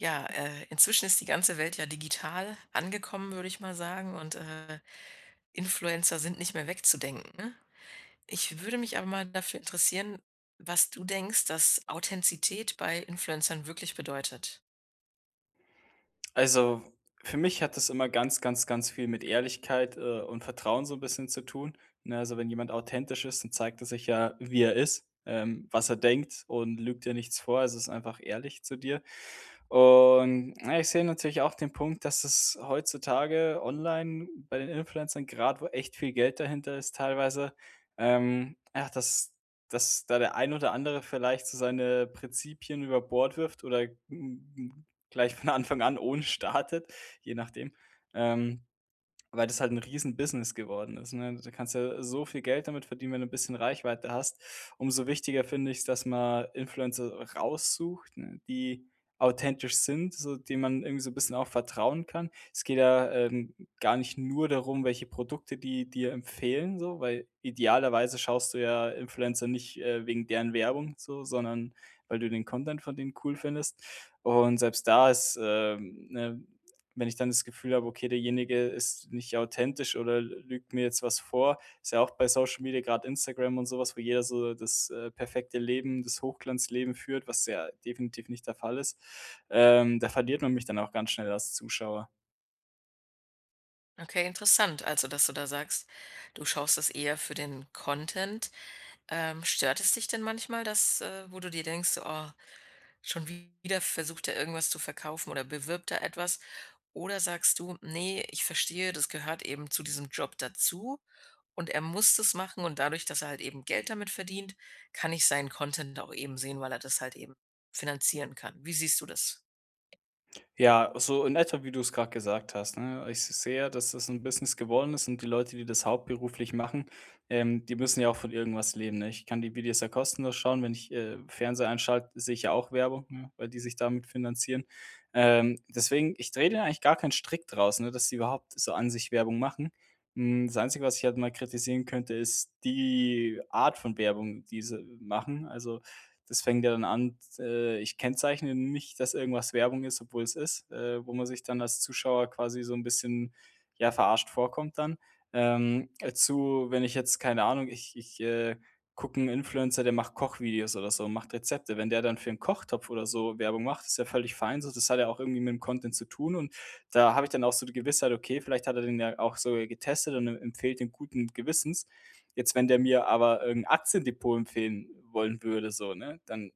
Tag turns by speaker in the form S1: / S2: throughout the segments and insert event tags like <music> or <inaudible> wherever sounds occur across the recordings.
S1: Ja, äh, inzwischen ist die ganze Welt ja digital angekommen, würde ich mal sagen und, äh, Influencer sind nicht mehr wegzudenken. Ich würde mich aber mal dafür interessieren, was du denkst, dass Authentizität bei Influencern wirklich bedeutet.
S2: Also, für mich hat das immer ganz, ganz, ganz viel mit Ehrlichkeit, äh, und Vertrauen so 'n bisschen zu tun, ne? Also, wenn jemand authentisch ist, dann zeigt er sich ja, wie er ist, ähm, was er denkt und lügt dir nichts vor also, ist einfach ehrlich zu dir. Und, na ich sehe natürlich auch den Punkt, dass es heutzutage online bei den Influencern, grad wo echt viel Geld dahinter ist teilweise ähm, ach, dass dass da der ein oder andere vielleicht so seine Prinzipien über Bord wirft oder n n gleich von Anfang an ohne startet, je nachdem. Ähm, weil das halt 'n Riesenbusiness geworden ist, ne? Da kannst du ja so viel Geld damit verdienen, wenn du 'n bisschen Reichweite hast. Umso wichtiger finde ich's, dass man Influencer raussucht, ne, die authentisch sind, so die man irgendwie so 'n bisschen auch vertrauen kann. Es geht ja, ähm, gar nicht nur darum, welche Produkte die dir empfehlen, so, weil idealerweise schaust du ja Influencer nicht, äh, wegen deren Werbung so, sondern weil du den Content von denen cool findest. Und selbst da ist, ähm, ne, wenn ich dann das Gefühl habe: „Okay, derjenige ist nicht authentisch oder l lügt mir jetzt was vor.“ Ist ja auch bei Social Media, grad Instagram und so was, wo jeder so das, äh, perfekte Leben, das Hochglanzleben führt, was ja definitiv nicht der Fall ist. Ähm, da verliert man mich dann auch ganz schnell als Zuschauer.
S1: Okay, interessant. Also, dass du da sagst, du schaust das eher für den Content. Ähm, stört es dich denn manchmal, dass äh, wo du dir denkst: „Oh, schon wieder versucht er irgendwas zu verkaufen oder bewirbt da etwas?“ Oder sagst du: „Ne, ich verstehe, das gehört eben zu diesem Job dazu und er muss das machen und dadurch, dass er halt eben Geld damit verdient, kann ich seinen Content auch eben sehen, weil er das halt eben finanzieren kann.“ Wie siehst du das?
S2: Ja, so in etwa, wie du es grad gesagt hast, ne? Ich s sehe, dass es 'n Business geworden ist und die Leute, die das hauptberuflich machen, ähm, die müssen ja auch von irgendwas leben, ne? Ich kann die Videos ja kostenlos schauen, wenn ich, äh, Fernseher einschalte, sehe ich ja auch Werbung, ne, weil die sich damit finanzieren. Ähm, deswegen, ich drehe da eigentlich gar keinen Strick draus, ne, dass die überhaupt so an sich Werbung machen. Hm, das Einzige, was ich halt mal kritisieren könnte, ist die Art von Werbung, die sie machen. Also, das fängt ja dann an, d äh, ich kennzeichne nicht, dass irgendwas Werbung ist, obwohl es ist, äh, wo man sich dann als Zuschauer quasi so 'n bisschen, ja, verarscht vorkommt dann. Ähm, dazu, wenn ich jetzt keine Ahnung, ich ich, äh, gucke 'n Influencer, der macht Kochvideos oder so, macht Rezepte. Wenn der dann für 'n Kochtopf oder so Werbung macht, ist ja völlig fein so. Das hat ja auch irgendwie mit dem Content zu tun und da habe ich dann auch so die Gewissheit: „Okay, vielleicht hat er den ja auch sogar getestet und er empfiehlt den guten Gewissens.“ Jetzt, wenn der mir aber irgend 'n Aktiendepot empfehlen wollen würde so, ne, dann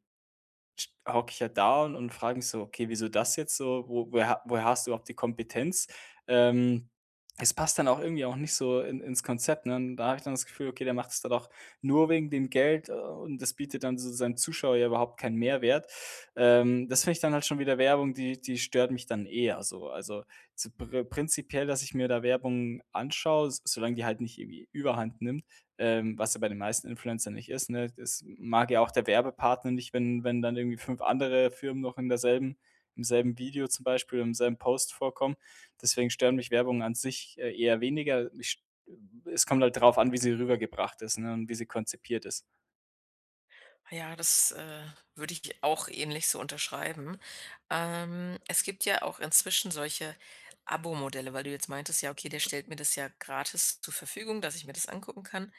S2: sch hocke ich ja da und und frage mich so: „Okay, wieso das jetzt so? Wo woher ha woher hast du überhaupt die Kompetenz?“ Ähm, es passt dann auch irgendwie auch nicht so in ins Konzept, ne? Und da habe ich dann das Gefühl, okay, der macht es dann auch nur wegen dem Geld und das bietet dann so z seinem Zuschauer ja überhaupt keinen Mehrwert. Ähm, das finde ich dann halt schon wieder Werbung, die die stört mich dann eher so. Also zu pri prinzipiell, dass ich mir da Werbung anschaue, s solange die halt nicht irgendwie Überhand nimmt, ähm, was ja bei den meisten Influencern nicht ist, ne? Es m mag ja auch der Werbepartner nicht, wenn wenn dann irgendwie 5 andere Firmen noch in derselben im selben Video zum Beispiel, im selben Post vorkommen. Deswegen stören mich Werbungen an sich, äh, eher weniger. Mich ähm, es kommt halt drauf an, wie sie rübergebracht ist, ne, und wie sie konzipiert ist.
S1: Ja, das, äh, würde ich dir auch ähnlich so unterschreiben. Ähm, es gibt ja auch inzwischen solche Abo-Modelle, weil du jetzt meintest: „Ja, okay, der stellt mir das ja gratis zur Verfügung, dass ich mir das angucken kann.“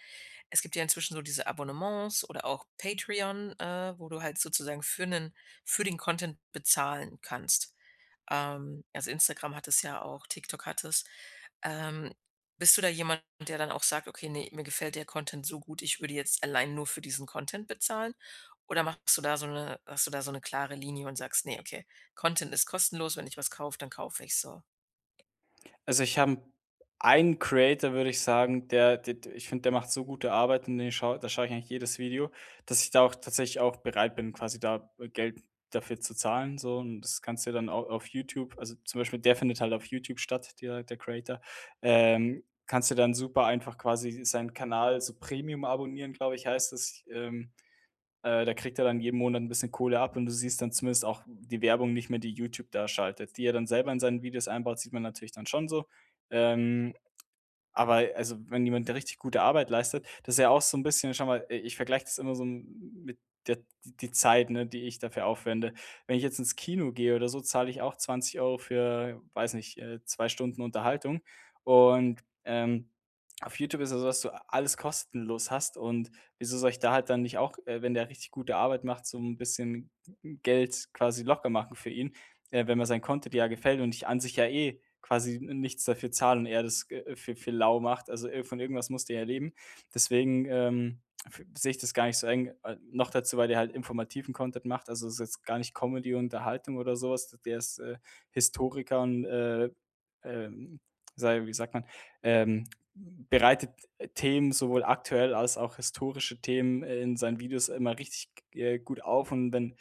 S1: Es gibt ja inzwischen so diese Abonnements oder auch Patreon, äh, wo du halt sozusagen für 'nen für den Content bezahlen kannst. Ähm, also, Instagram hat es ja auch, TikTok hat es. Ähm, bist du da jemand, der dann auch sagt: „Okay, ne, mir gefällt der Content so gut, ich würde jetzt allein nur für diesen Content bezahlen.“ Oder machst du da so 'ne hast du da so 'ne klare Linie und sagst: „Ne, okay, Content ist kostenlos. Wenn ich was kaufe, dann kaufe ich's so.“
S2: Also, ich habe 'n einen Creator, würde ich sagen, der d d ich finde, der macht so gute Arbeit und den schaue da schaue ich eigentlich jedes Video, dass ich da auch tatsächlich auch bereit bin, quasi da Geld dafür zu zahlen so. Und das kannst du dir dann au auf YouTube, also, zum Beispiel der findet halt auf YouTube statt, der der Creator, ähm, kannst du dann super einfach quasi seinen Kanal so Premium-abonnieren, glaube ich, heißt das, ähm. Äh, da kriegt er dann jeden Monat 'n bisschen Kohle ab und du siehst dann zumindest auch die Werbung nicht mehr, die YouTube da schaltet. Die er dann selber in seinen Videos einbaut, sieht man natürlich dann schon so. Ähm, aber also, wenn jemand der richtig gute Arbeit leistet das ist ja auch so 'n bisschen, schau mal, äh, ich vergleiche das immer so 'n mit der die Zeit, ne, die ich dafür aufwende. Wenn ich jetzt ins Kino gehe oder so, zahle ich auch 20 € für, weiß nicht, äh, 2 Stunden Unterhaltung und, ähm, auf YouTube ist es so, dass du alles kostenlos hast und wieso soll ich da halt dann nicht auch, äh, wenn der richtig gute Arbeit macht, so 'n bisschen Geld quasi locker machen für ihn, äh, wenn man sein Content ja gefällt und ich an sich ja eh quasi n nichts dafür zahle und er das g äh, für für lau macht. Also ir von irgendwas musst du ja leben, deswegen, ähm, f sehe ich das gar nicht so eng. Äh, noch dazu, weil der halt informativen Content macht, also, das ist jetzt gar nicht Comedy, Unterhaltung oder so was. Der ist, äh, Historiker und, äh ähm, sage wie sagt man, ähm, bereitet Themen sowohl aktuell als auch historische Themen, äh, in seinen Videos immer richtig g äh, gut auf. Und wenn,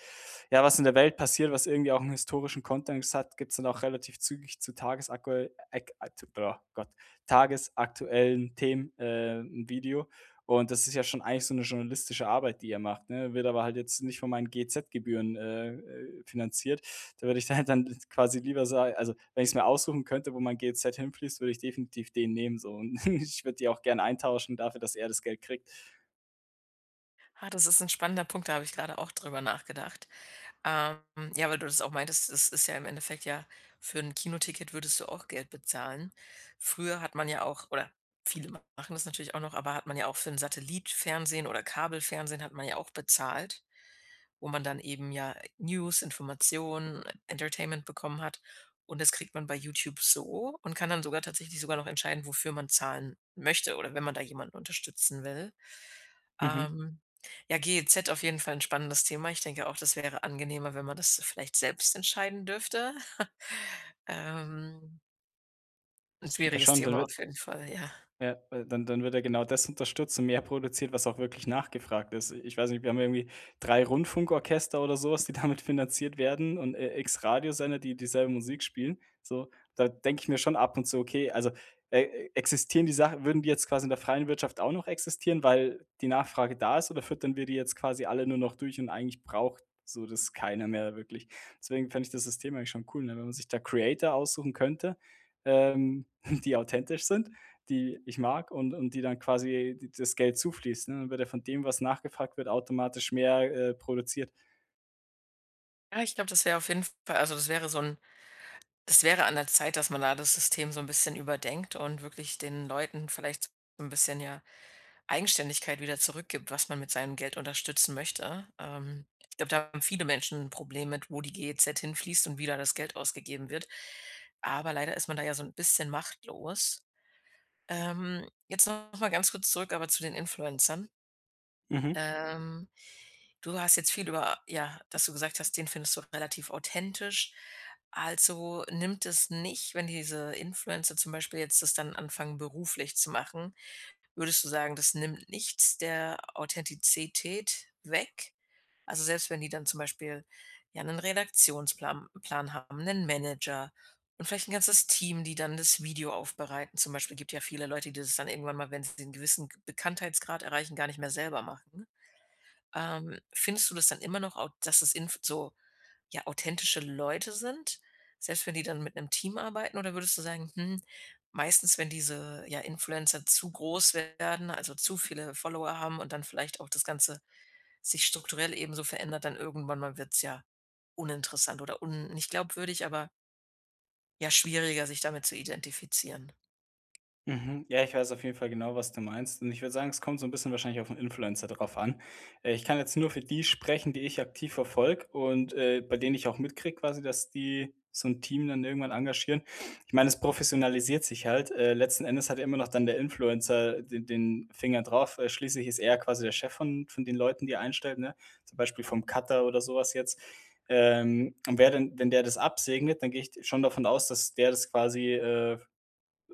S2: ja, was in der Welt passiert, was irgendwie auch 'n historischen Kontext hat, gibt's dann auch relativ zügig zu tagesakuell ek atu äh, Gott, tagesaktuellen Themen, äh, 'n Video. Und das ist ja schon eigentlich so 'ne journalistische Arbeit, die er macht, ne? Wird aber halt jetzt nicht von meinen GEZ-Gebühren, äh, äh, finanziert. Da würde ich da halt dann quasi lieber sa also, wenn ich's mir aussuchen könnte, wo mein GEZ hinfließt, würde ich definitiv den nehmen so. Und <chuckles> ich würde die auch gern eintauschen dafür, dass er das Geld kriegt.
S1: Ah, das ist 'n spannender Punkt, da habe ich grade auch drüber nachgedacht. Ähm, ja, weil du das auch meintest, das ist ja im Endeffekt, ja für 'n Kinoticket würdest du auch Geld bezahlen. Früher hat man ja auch, oder viele machen das natürlich auch noch, aber hat man ja auch für 'n Satellit-Fernsehen oder Kabelfernsehen hat man ja auch bezahlt, wo man dann eben, ja, News, Informationen, Entertainment bekommen hat. Und das kriegt man bei YouTube so und kann dann sogar tatsächlich sogar noch entscheiden, wofür man zahlen möchte oder wenn man da jemanden unterstützen will.
S2: Mhm.
S1: Ähm, ja, GEZ auf jeden Fall 'n spannendes Thema. Ich denke auch, das wäre angenehmer, wenn man das vielleicht selbst entscheiden dürfte. <chuckles> Ähm 'n
S2: Ja
S1: schwieriges
S2: schon, dann
S1: Thema
S2: wird
S1: auf jeden Fall, ja.
S2: Ja, w dann dann wird ja genau das unterstützt und mehr produziert, was auch wirklich nachgefragt ist. Ich weiß nicht, wir haben ja irgendwie 3 Rundfunkorchester oder so was, die damit finanziert werden und, äh, X Radiosender, die dieselbe Musik spielen, so. Da denke ich mir schon ab und zu: „Okay, also, äh, existieren die Sachen würden die jetzt quasi in der freien Wirtschaft auch noch existieren, weil die Nachfrage da ist oder füttern wir die jetzt quasi alle nur noch durch und eigentlich braucht so das keiner mehr wirklich.“ Deswegen fände ich das System eigentlich schon cool, ne, wenn man sich da Creator aussuchen könnte, ähm, <chuckles> die authentisch sind, die ich mag und und die dann quasi d das Geld zufließt, ne? Wird ja von dem, was nachgefragt wird, automatisch mehr, äh, produziert.
S1: Ja, ich glaube, das wäre auf jeden Fall also, das wäre so 'n es wäre an der Zeit, dass man da das System so 'n bisschen überdenkt und wirklich den Leuten vielleicht so 'n bisschen, ja, Eigenständigkeit wieder zurückgibt, was man mit seinem Geld unterstützen möchte. Ähm, ich glaube, da haben viele Menschen 'n Problem mit, wo die GEZ hin fließt und wie da das Geld ausgegeben wird. Aber leider ist man da ja so 'n bisschen machtlos. Ähm, jetzt noch mal ganz kurz zurück aber zu den Influencern.
S2: Mhm.
S1: Ähm, du hast jetzt viel über ja, dass du gesagt hast, den findest du relativ authentisch. Also, nimmt es nicht wenn diese Influencer zum Beispiel jetzt das dann anfangen, beruflich zu machen würdest du sagen, das nimmt nichts der Authentizität weg? Also, selbst wenn die dann zum Beispiel, ja, 'nen Redaktionsplam Plan haben, 'nen Manager und vielleicht 'n ganzes Team, die dann das Video aufbereiten. Zum Beispiel, gibt ja viele Leute, die das dann irgendwann mal, wenn sie den gewissen Bekanntheitsgrad erreichen, gar nicht mehr selber machen. Ähm, findest du das dann immer noch au dass es in so, ja, authentische Leute sind, selbst wenn die dann mit 'nem Team arbeiten oder würdest du sagen: „Hm, meistens, wenn diese, ja, Influencer zu groß werden, also, zu viele Follower haben und dann vielleicht auch das Ganze sich strukturell eben so verändert, dann irgendwann mal wird's ja uninteressant oder un nicht glaubwürdig, aber” „ja, schwieriger, sich damit zu identifizieren?”
S2: Mhm. Ja, ich weiß auf jeden Fall genau, was du meinst und ich würde sagen, es kommt so 'n bisschen wahrscheinlich auf 'n Influencer drauf an. Äh, ich kann jetzt nur für die sprechen, die ich aktiv verfolge und, äh, bei denen ich auch mitkriege quasi, dass die so 'n Team dann irgendwann engagieren. Ich meine, es professionalisiert sich halt. Äh, letzten Endes hat ja immer noch dann der Influencer, äh, de den Finger drauf, äh, schließlich ist er quasi der Chef von von den Leuten, die er einstellt, ne? Zum Beispiel vom Cutter oder so was jetzt. Ähm, und wer denn wenn der das absegnet, dann gehe ich schon davon aus, dass der das quasi, äh,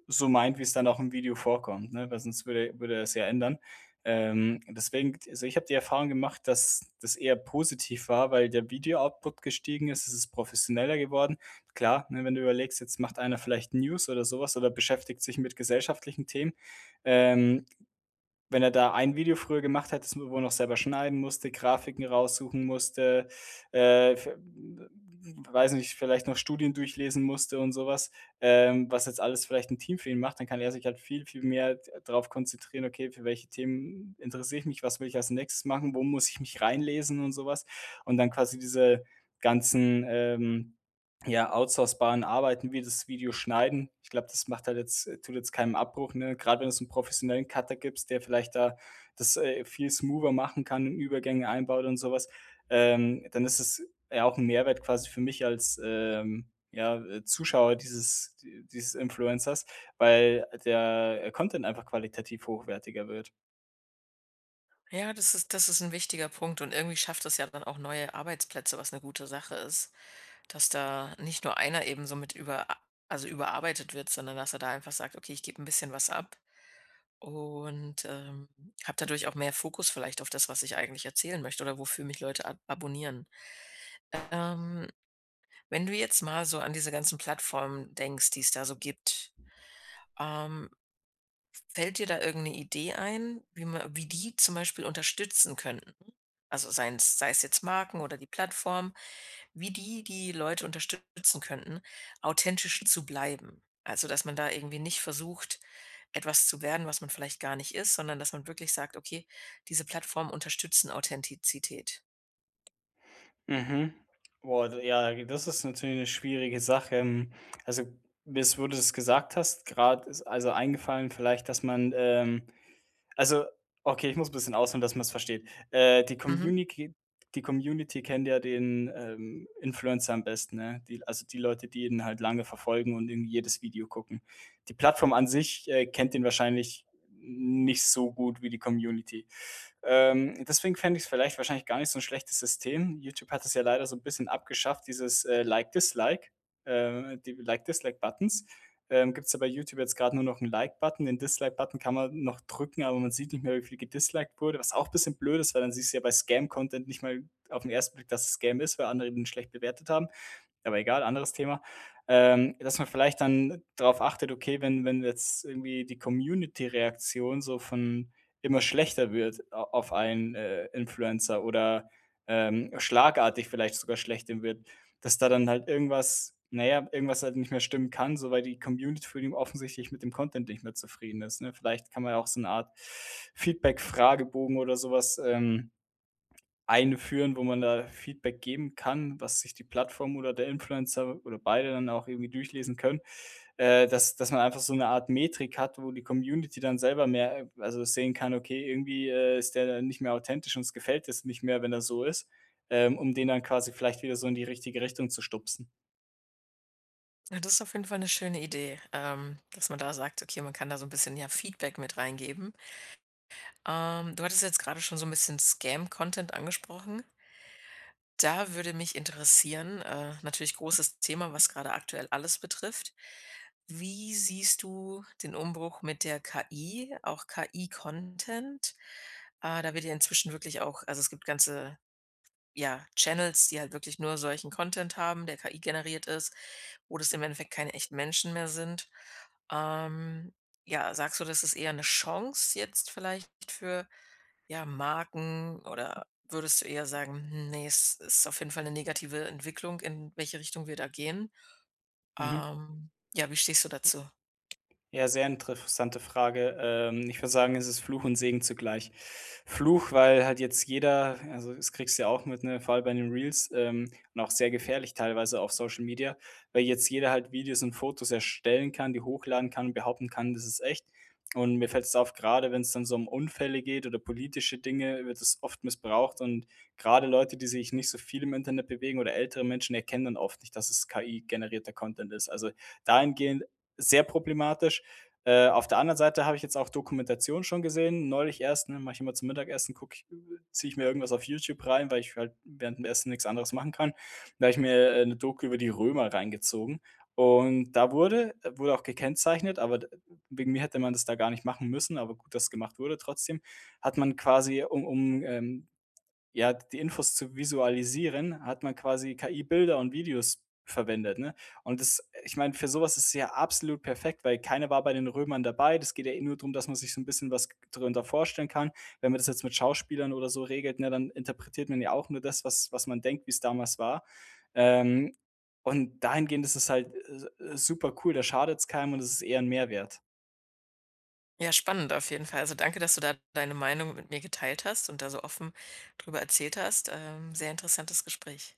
S2: so meint, wie's dann auch im Video vorkommt, ne, weil sonst würde würde er es ja ändern. Ähm, deswegen also, ich habe die Erfahrung gemacht, dass das eher positiv war, weil der Video-Output gestiegen ist. Es ist professioneller geworden. Klar, ne, wenn du überlegst, jetzt macht einer vielleicht News oder so was oder beschäftigt sich mit gesellschaftlichen Themen. Ähm, wenn er da ein Video früher gemacht hätte, das man wohl noch selber schneiden musste, Grafiken raussuchen musste, äh, f w w weiß ich nicht, vielleicht noch Studien durchlesen musste und so was, ähm, was jetzt alles vielleicht 'n Team für ihn macht, dann kann er sich halt viel, viel mehr d drauf konzentrieren: „Okay, für welche Themen interessiere ich mich? Was will ich als nächstes machen, wo muss ich mich reinlesen?“ Und so was. Und dann quasi diese ganzen, ähm, ja, outsourcebaren Arbeiten, wie das Video schneiden ich glaube, das macht halt jetzt tut jetzt keinen Abbruch, ne? Gerade wenn du's so 'n professionellen Cutter gibst, der vielleicht da das, äh, viel smoother machen kann, ähm, Übergänge einbaut und so was, ähm, dann ist es ja auch 'n Mehrwert quasi für mich als, ähm, ja, äh, Zuschauer dieses d dieses Influencers, weil der, äh, Content einfach qualitativ hochwertiger wird.
S1: Ja, das ist das ist 'n wichtiger Punkt und irgendwie schafft das ja dann auch neue Arbeitsplätze, was 'ne gute Sache ist. Dass da nicht nur einer eben so mit über also, überarbeitet wird, sondern dass er da einfach sagt: „Okay, ich gebe 'n bisschen was ab und, ähm, habe dadurch auch mehr Fokus vielleicht auf das, was ich eigentlich erzählen möchte oder wofür mich Leute ab abonnieren.“, ähm, wenn du jetzt mal so an diese ganzen Plattformen denkst, die es da so gibt, ähm fällt dir da irgend eine Idee ein, wie man wie die zum Beispiel unterstützen könnten? Also, seien's sei's jetzt Marken oder die Plattform, wie die die Leute unterstützen könnten, authentisch zu bleiben. Also, dass man da irgendwie nicht versucht, etwas zu werden, was man vielleicht gar nicht ist, sondern dass man wirklich sagt: „Okay, diese Plattformen unterstützen Authentizität.“
S2: Mhm. Boah, d ja, das ist natürlich 'ne schwierige Sache. Hm, also, bis wo du das gesagt hast, grad ist also, eingefallen vielleicht, dass man, ähm also, okay, ich muss 'n bisschen ausholen, dass man's versteht. Äh, die
S1: Mhm.
S2: Communiki die Community kennt ja den, ähm, Influencer am besten, ne? Die also, die Leute, die ihn halt lange verfolgen und irgendwie jedes Video gucken. Die Plattform an sich, äh, kennt ihn wahrscheinlich nicht so gut wie die Community. Ähm, deswegen fände ich's vielleicht wahrscheinlich gar nicht so 'n schlechtes System. Youtube hat es ja leider so 'n bisschen abgeschafft, dieses, äh, Like-Dislike äh, die Like-Dislike-Buttons. Ähm, gibt's ja bei Youtube jetzt grad nur noch 'n Like-Button. Den Dislike-Button kann man noch drücken, aber man sieht nicht mehr, wie viel gedisliked wurde. Was auch bisschen blöd ist, weil dann siehst du ja bei Scam-Content nicht mal auf 'n 1. Blick, dass es Scam ist, weil andere ihn schlecht bewertet haben, aber egal, anderes Thema. Ähm, dass man vielleicht dann drauf achtet: „Okay, wenn wenn jetzt irgendwie die Community-Reaktion so von immer schlechter wird a auf einen, äh, Influencer oder, ähm, schlagartig vielleicht sogar schlechter wird, dass da dann halt irgendwas na ja, irgendwas halt nicht mehr stimmen kann.“ So, weil die Community für ihn offensichtlich mit dem Content nicht mehr zufrieden ist, ne? Vielleicht kann man ja auch so 'ne Art Feedbackfragebogen oder so was, ähm, einführen, wo man da Feedback geben kann, was sich die Plattform oder der Influencer oder beide dann auch irgendwie durchlesen können, äh, dass dass man einfach so 'ne Art Metrik hat, wo die Community dann selber mehr also, sehen kann: „Okay, irgendwie, äh, ist der dann nicht mehr authentisch. Uns gefällt es nicht mehr, wenn er so ist.“ Äh, um den dann quasi vielleicht wieder so in die richtige Richtung zu stupsen.
S1: Ja, das ist auf jeden Fall 'ne schöne Idee, ähm, dass man da sagt: „Okay, man kann da so 'n bisschen, ja, Feedback mit reingeben.“ Ähm, du hattest jetzt grade schon so 'n bisschen Scam-Content angesprochen. Da würde mich interessieren, äh, natürlich großes Thema, was grade aktuell alles betrifft. Wie siehst du den Umbruch mit der KI, auch KI-Content? Ah, da wird ja inzwischen wirklich auch also, es gibt ganze, ja, Channels, die halt wirklich nur solchen Content haben, der KI-generiert ist, wo das im Endeffekt keine echten Menschen mehr sind. Ähm, ja, sagst du, das ist eher 'ne Chance jetzt vielleicht für, ja, Marken oder würdest du eher sagen: „Hm, ne, ist ist auf jeden Fall 'ne negative Entwicklung, in welche Richtung wir da gehen“?
S2: Mhm.
S1: Ähm, ja, wie stehst du dazu?
S2: Ja, sehr interessante Frage. Ähm, ich würde sagen, es ist Fluch und Segen zugleich. Fluch, weil halt jetzt jeder also, das kriegst du ja auch mit, ne, vor allem bei den Reels ähm, und auch sehr gefährlich teilweise auf Social Media, weil jetzt jeder halt Videos und Fotos erstellen kann, die hochladen kann, behaupten kann: „Das ist echt.“ Und mir fällt's auf, grade wenn's dann so Unfälle geht oder politische Dinge, wird es oft missbraucht. Und gerade Leute, die sich nicht so viel im Internet bewegen oder ältere Menschen erkennen dann oft nicht, dass es KI-generierter Content ist. Also, dahingehend sehr problematisch. Äh, auf der anderen Seite habe ich jetzt auch Dokumentationen schon gesehen, neulich erst, ne, mache ich immer zum Mittagessen gucke ich äh, ziehe ich mir irgendwas auf Youtube rein, weil ich halt während dem Essen nichts anderes machen kann. Da habe ich mir, äh, 'ne Doku über die Römer reingezogen. Und da wurde wurde auch gekennzeichnet, aber d wegen mir hätte man das da gar nicht machen müssen, aber gut, dass gemacht wurde trotzdem hat man quasi, um um, ähm, ja die Infos zu visualisieren, hat man quasi KI-Bilder und -Videos verwendet, ne? Und das ich meine, für sowas ist es ja absolut perfekt, weil keiner war bei den Römern dabei. Das geht ja nur drum, dass man sich so 'n bisschen was g g drunter vorstellen kann. Wenn man das jetzt mit Schauspielern oder so regelt, ne, dann interpretiert man ja auch nur das, was was man denkt, wie's damals war. Ähm, und dahingehend ist es halt, äh, äh, supercool. Da schadet's keinem und es ist eher 'n Mehrwert.
S1: Ja, spannend auf jeden Fall. Also, danke, dass du da deine Meinung mit mir geteilt hast und da so offen drüber erzählt hast. Ähm, sehr interessantes Gespräch.